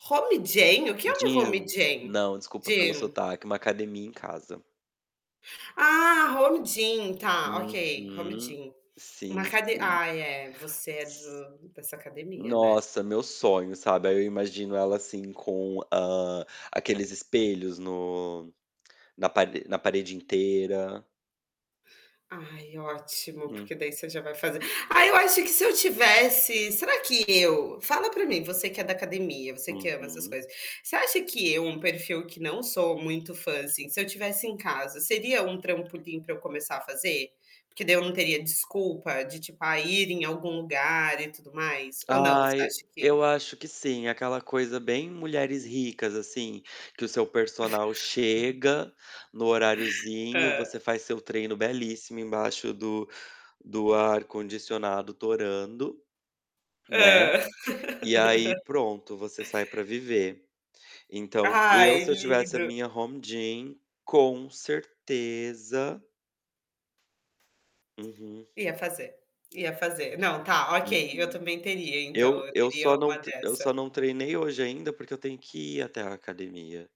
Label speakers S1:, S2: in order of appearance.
S1: Home gym? O que é um Home
S2: Gym.
S1: gym?
S2: Não, desculpa pelo
S1: Gym?
S2: sotaque, uma academia em casa.
S1: Ah! Home gym! Tá, ok. Home
S2: Uhum.
S1: gym. Uma
S2: Sim,
S1: acade
S2: sim.
S1: Ai, eh. Você é do dessa academia, né?
S2: Nossa! Meu sonho, sabe? Aí, eu imagino ela assim, com, hã, aqueles espelhos no na pare na parede inteira.
S1: Ai, ótimo.
S2: Hum.
S1: Porque daí, você já vai fazer Ah, eu acho que se eu tivesse, será que eu fala pra mim, você que é da academia, você que ama essas
S2: Uhum.
S1: coisas, você acha que eu um perfil que não sou muito fã, assim, se eu tivesse em casa? Seria um trampolim pra eu começar a fazer? Porque daí, eu não teria desculpa de tipo, "A ir em algum lugar e tudo mais?". Ou não? Você
S2: Ai!
S1: acha que
S2: Eu acho que sim, aquela coisa bem mulheres ricas assim, que o seu personal chega no horariozinho.
S1: Hã.
S2: Você faz seu treino belíssimo, embaixo do do ar-condicionado torando, né?
S1: Hã.
S2: E aí pronto, você sai pra viver. Então, eu
S1: Ai,
S2: se eu tivesse a
S1: lindo!
S2: minha home gym, com certeza Uhum.
S1: Ia fazer. Ia fazer. Não, tá, ok. Eu
S2: Uhum.
S1: também teria então,
S2: Eu
S1: eu
S2: eu
S1: teria
S2: só não
S1: uma
S2: te eu só
S1: dessa
S2: não treinei hoje ainda porque eu tenho que ir até a academia.